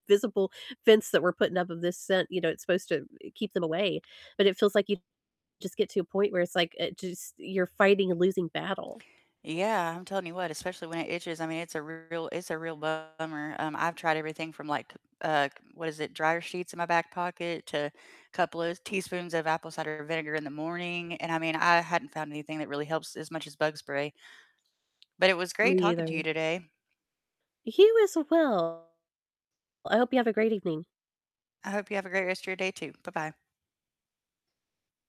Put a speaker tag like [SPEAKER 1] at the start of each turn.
[SPEAKER 1] Visible fence that we're putting up of this scent, you know, it's supposed to keep them away, but it feels like you just get to a point where it's like, it just you're fighting a losing battle.
[SPEAKER 2] Yeah, I'm telling you what, especially when it itches, I mean, it's a real it's a real bummer. Um, I've tried everything from like, uh, what is it, dryer sheets in my back pocket to a couple of teaspoons of apple cider vinegar in the morning, and I mean, I hadn't found anything that really helps as much as bug spray. But it was
[SPEAKER 1] Me
[SPEAKER 2] great talking to you
[SPEAKER 1] either.
[SPEAKER 2] today.
[SPEAKER 1] You as well. Well, I hope you have a great evening.
[SPEAKER 2] I hope you have a great rest of your day too, bye-bye.